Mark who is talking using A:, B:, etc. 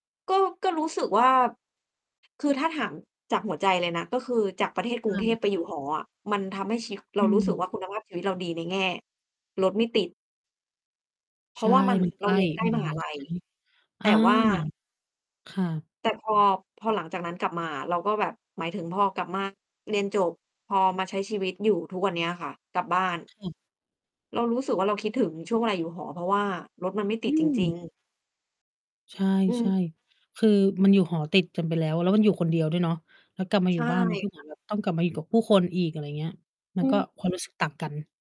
A: ก็ ก็รู้สึกว่า คือถ้าถามจากหัวใจเลยนะ ก็คือจากประเทศกรุงเท
B: เออ
A: พไปอยู่หออะ มันทำให้ชีวิ
B: อ
A: เรา
B: ื
A: รู้สึก
B: ม
A: ว่าคุณภาพชีวิตเราดีในแง่ รถไม่ติด เพ
B: ใ
A: ร
B: ช
A: าะ
B: ่
A: ว่ามัน
B: มันใก
A: เรา
B: ล้
A: เรียน ใกล้
B: ม
A: ม
B: หา
A: หา
B: ลัย
A: ล
B: ใช
A: ั
B: ่
A: ย
B: ไหม?
A: แ
B: อ
A: ต
B: า
A: ่ว่า
B: ค่ะ
A: แต่พอ พอหลังจากนั้นกลับมาอะ เราก็แบบ หมายถึงพอกลับ มา เรียนจบ พอมาใช้ชีวิตอยู่ทุกวันเนี้ยค่ะ กลับบ้าน
B: ค่ะ
A: เรารู้สึกว่า เราคิดถึงช่วงเวลาอยู่หอ เพราะว่ารถมันไม่ต
B: อ
A: ิ
B: ื
A: ดจริง
B: ม
A: ๆ
B: ใช่
A: อื
B: ใช่
A: ม
B: คือมันอยู่หอติดกันไปแล้ว แล้วมันอยู่คนเดียวด้วยเนาะ แล้วกลับมา
A: ใ
B: อ
A: ช
B: ยู่
A: ่
B: บ้านมันก็เ
A: ค
B: หมือ
A: ่ะ
B: นแบบ ต้องกลับมาอยู่กับผู้คนอีก อะไรอย่างเงี้ย ม
A: อ
B: ั
A: ื
B: นก็
A: ม
B: ความรู้สึกต่างกัน